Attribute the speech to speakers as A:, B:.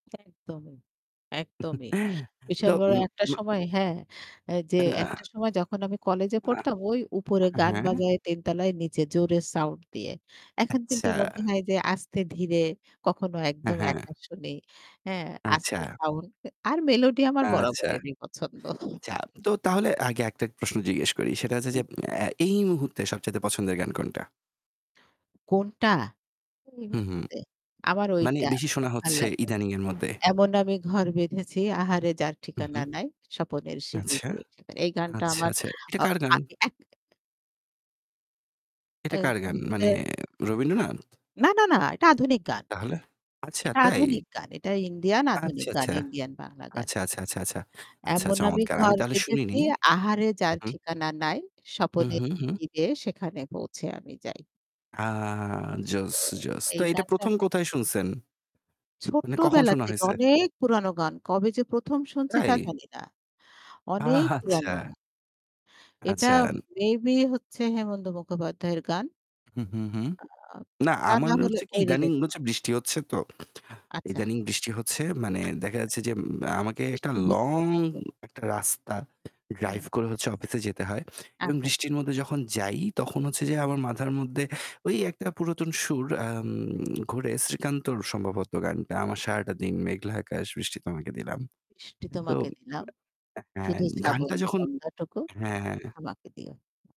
A: একদমই, একদমিই বিশাল
B: তো
A: বড় একটা
B: উম আ
A: সময় হ্যাঁ এহ যে
B: না।
A: একটা সময় যখন আমি কলেজে পড়তাম ওই উপরে
B: আহ
A: গান
B: হ্যাঁ?
A: বাজায়ে ৩ তালায় নিচে জোরে সাউন্ড দিয়ে। এখন কিন্তু
B: আচ্ছা।
A: মনে হয় যে আস্তে ধীরে কখনো
B: হ্যাঁ,
A: একদম
B: হ্যাঁ।
A: একা শুনি হ্যাঁ
B: আচ্ছা।
A: আস্তে সাউন্ড আর মেলোডি আমার
B: আচ্ছা।
A: বরাবরই ই পছন্দ।
B: আচ্ছা,
A: উম
B: তো তাহলে আগে একটা প্রশ্ন জিজ্ঞেস করি। সেটা হচ্ছে
A: উ
B: যে আ এই মুহূর্তে সবচাইতে পছন্দের গান কোনটা?
A: কোনটা? এই
B: হু, হু।
A: মুহূর্তে আমার
B: মানে
A: ঐটা
B: বেশি
A: খুব
B: শোনা
A: ভালো
B: হচ্ছে
A: লাগে।
B: ইদানিং এর মধ্যে।
A: "এমন আমি ঘর বেঁধেছি আহারে যার
B: হু,
A: ঠিকানা
B: হু।
A: নাই স্বপনের সিঁড়ি
B: আচ্ছা।
A: গিয়ে থাকার।" এই গানটা
B: আচ্ছা,
A: আমার
B: আচ্ছা। এটা
A: আহ
B: কার গান?
A: এ
B: এটা কার
A: এইটা
B: গান?
A: হচ্ছে
B: মানে রবীন্দ্রনাথ?
A: না, না, না এটা আধুনিক গান।
B: তাহলে? আচ্ছা,
A: এটা
B: তাই?
A: আধুনিক গান, এটা ইন্ডিয়ান আধুনিক
B: আচ্ছা,
A: গান,
B: আচ্ছা।
A: ইন্ডিয়ান বাংলা গান।
B: আচ্ছা, আচ্ছা, আচ্ছা, আচ্ছা। আচ্ছা, আচ্ছা
A: "এমন আমি
B: চমৎকার। আমি
A: ঘর
B: তাহলে শুনিনি।
A: বেঁধেছি আহারে
B: হু,
A: যার
B: হু।
A: ঠিকানা নাই,
B: হু, হু, হু?
A: স্বপনেরি রে সেখানে পৌঁছে আমি যাই।"
B: আ জোস,
A: তো
B: জোস। তো
A: এই
B: এটা
A: গানটা
B: ১ম কোথায় শুনছেন? মানে কখন
A: ছোট্টবেলা
B: শোনা
A: থেকে
B: হইছে?
A: অনেক পুরোনো গান, কবে যে ১ম শুনছি
B: তাই?
A: তা জানি না, অনেক পুরানো
B: আচ্ছা।
A: গান। এটা
B: আচ্ছা।
A: মেবি হচ্ছে "হেমন্ত মুখোপাধ্যায়ের" গান।
B: হু, হু, হু
A: আ
B: না
A: তা
B: আমার
A: না
B: না
A: হলে
B: হচ্ছে কি
A: ওই
B: ইদানিং
A: রিলেটেড।
B: ন হচ্ছে বৃষ্টি হচ্ছে তো।
A: আচ্ছা।
B: ইদানিং বৃষ্টি হচ্ছে মানে
A: আচ্ছা,
B: দেখা
A: আচ্ছা।
B: যাচ্ছে যে আমাকে একটা
A: বৃষ্টি বেশি
B: লং
A: পছন্দ।
B: একটা রাস্তা
A: হু, হুম।
B: ড্রাইভ করে অফিসে যেতে হয়। এবং
A: আচ্ছা, আচ্ছা।
B: বৃষ্টির মধ্যে যখন যাই তখন হচ্ছে যে আমার মাথার মধ্যে ওই একটা পুরাতন সুর আম ঘুরে "শ্রীকান্তর" সম্ভবত গানটা "আমার সারাটা দিন মেঘলা আকাশ বৃষ্টি তোমাকে দিলাম।"
A: বৃষ্টি
B: তো
A: তোমাকে দিলাম।
B: হ্যাঁ
A: শুধু শ্রাবণ
B: গানটা যখন
A: সন্ধ্যাটুকু
B: হ্যাঁ, হ্যাঁ।
A: আমাকে দিও।